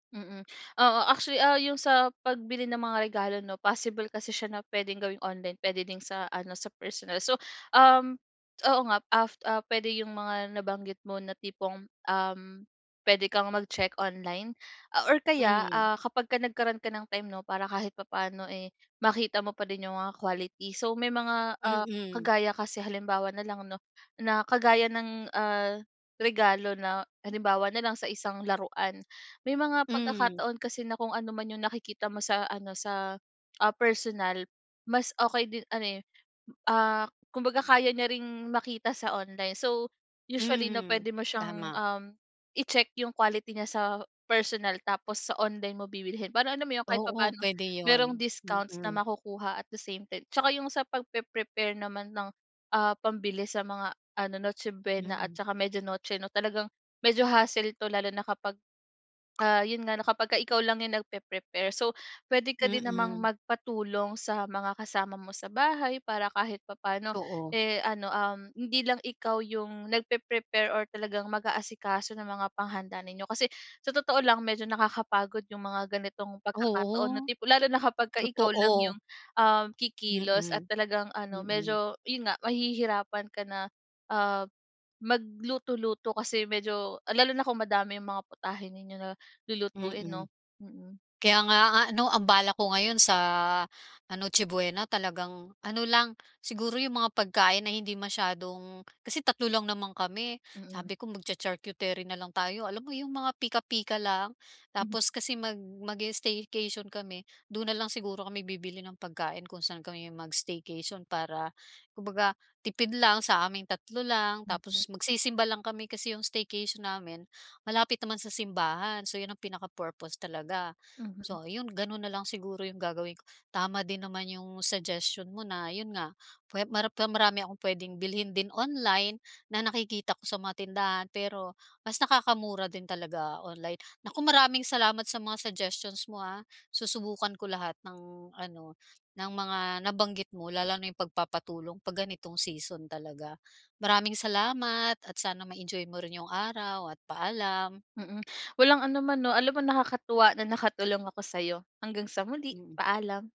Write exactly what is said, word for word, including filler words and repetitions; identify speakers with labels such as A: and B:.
A: Mm, oo actually, ah, yung sa pagbili ng mga regalo 'no, possible kasi siya na puwedeng gawing online pwede din sa ano sa personal. So, um, oo nga af ah, puwede yung mga nabanggit mo na tipong, um, puwede kang mag check online a or kaya,
B: Mm.
A: ah, kapagka nagkaroon ka ng time 'no para kahit papano, eh, makita mo pa din yung mga quality. So may mga, ah,
B: Mm.
A: kagaya kasi halimbawa na lang 'no na kagaya ng, ah, regalo na halimbawa nalang sa isang laruan may mga
B: Hmm.
A: pagkakataon kasi na kung ano man yung nakikita mo sa ano sa, ah, personal mas okey din ano, eh, ah, kumbaga kaya niya ring makita sa online. So usually 'no,
B: Mhm,
A: puwede mo siyang,
B: tama.
A: um, i-check yung quality niya sa personal tapos sa online mo bibilhin para alam mo yun kahit
B: Oo,
A: papano
B: puwede
A: mayrong
B: yun,
A: discounts na
B: mm.
A: makukuha at the same time. 'Tsaka yung sa pagpepre-prepare naman ng, ah, pambili sa mga ano Noche Buena at
B: Mm.
A: saka Media Noche 'no talagang medyo hassle to lalo na kapag, ah, yun nga na kapagka ikaw lang yung nagpepre-prepare. So puwede ka din namang
B: Mm.
A: magpatulong sa mga kasama mo sa bahay para kahit papa'no,
B: Oo.
A: eh, ano, um, hindi lang ikaw yung nagpepre-prepare or talagang mag-aasikaso ng mga panghanda ninyo. Kasi sa totoo lang medyo nakakapagod yung mga ganitong pagkakataon na
B: Oo.
A: tipo lalo na kapagka ikaw lang
B: Totoo.
A: yung, um, kikilos at
B: Mm.
A: talagang ano
B: Mm.
A: medyo yun nga mahihirapan ka na, ah, magluto-luto kasi medyo lalo na kung madami yung mga putahe ninyo na lulutuin 'no?
B: Mm.
A: Mm.
B: Kaya nga a ano ang balak ko ngayon sa, ah, Noche Buena talagang ano lang siguro yung mga pagkain na hindi masyadong kasi tatlo lang naman kami,
A: Mm.
B: sabi ko mag-cha-charcuterie nalang tayo alam mo yung mga pika-pika lang.
A: M
B: Tapos kasi mag mag-i-staycation kami do'n nalang siguro kami bibili ng pagkain kung saan kami mag-staycation para kumbaga tipid lang sa aming tatlo lang
A: Mm.
B: tapos magsisimba lang kami. Kasi yung staycation namin malapit naman sa simbahan so yun ang pinaka-purpose talaga.
A: Mhm.
B: So ayun, gano'n na lang siguro yung gagawin ko. Tama din naman yung suggestion mo na yun nga puwe maram pero marami akong puwedeng bilhin din online na nakikita ko sa mga tindahan pero mas nakakamura din talaga online. Naku, maraming salamat sa mga suggestions mo, ah, susubukan ko lahat ng ano ng mga nabanggit mo lalo na yung pagpapatulong pag ganitong season talaga. Maraming salamat at sana ma-enjoy mo rin yung araw at paalam.
A: Mm, walang anuman 'no? Alam mo nakakatuwa na nakatulong ako sayo. Hanggang sa muli,
B: Mm.
A: paalam.